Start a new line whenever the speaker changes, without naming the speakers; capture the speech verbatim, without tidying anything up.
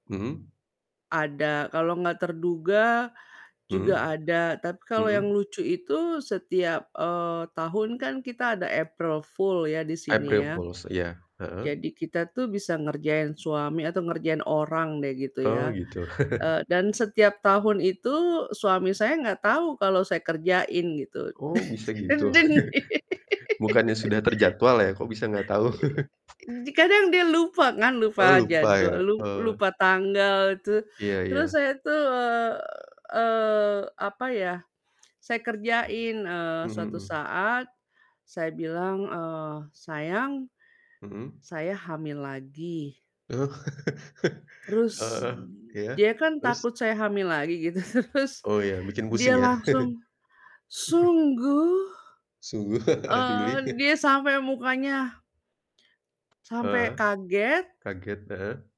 Mhm.
Ada, kalau nggak terduga, juga
Mhm,
ada tapi kalau yang
mhm.
lucu itu setiap, eee, tahun kan kita ada April Fool ya di sini
April
ya,
Fools? Iya, heeh.
jadi kita tuh bisa ngerjain suami atau ngerjain orang deh gitu
Oh
ya,
gitu.
eee, dan setiap tahun itu suami saya enggak tahu kalau saya kerjain gitu.
Oh bisa gitu,
Dan Dan
bukannya sudah terjadwal ya kok bisa gak tau?
Di kadang dia lupa ngan lupa
Oh lupa
jadwal,
ya,
lu
eh.
lupa tanggal tuh
Iya
terus
iya.
saya tuh, eee eee, apa ya, saya kerjain, eee,
Mmm,
suatu
mhm.
saat, saya bilang, eee, "Sayang,
Mhm.
saya hamil lagi."
Oh,
Terus,
heeh, iya,
dia kan
terus?
takut saya hamil lagi gitu terus
Oh ya bikin pusing
dia
ya?
langsung, "Sungguh?"
Sungguh,
Eee,
really.
dia sampe mukanya
Heeh,
Sampai kaget
kaget, heeh.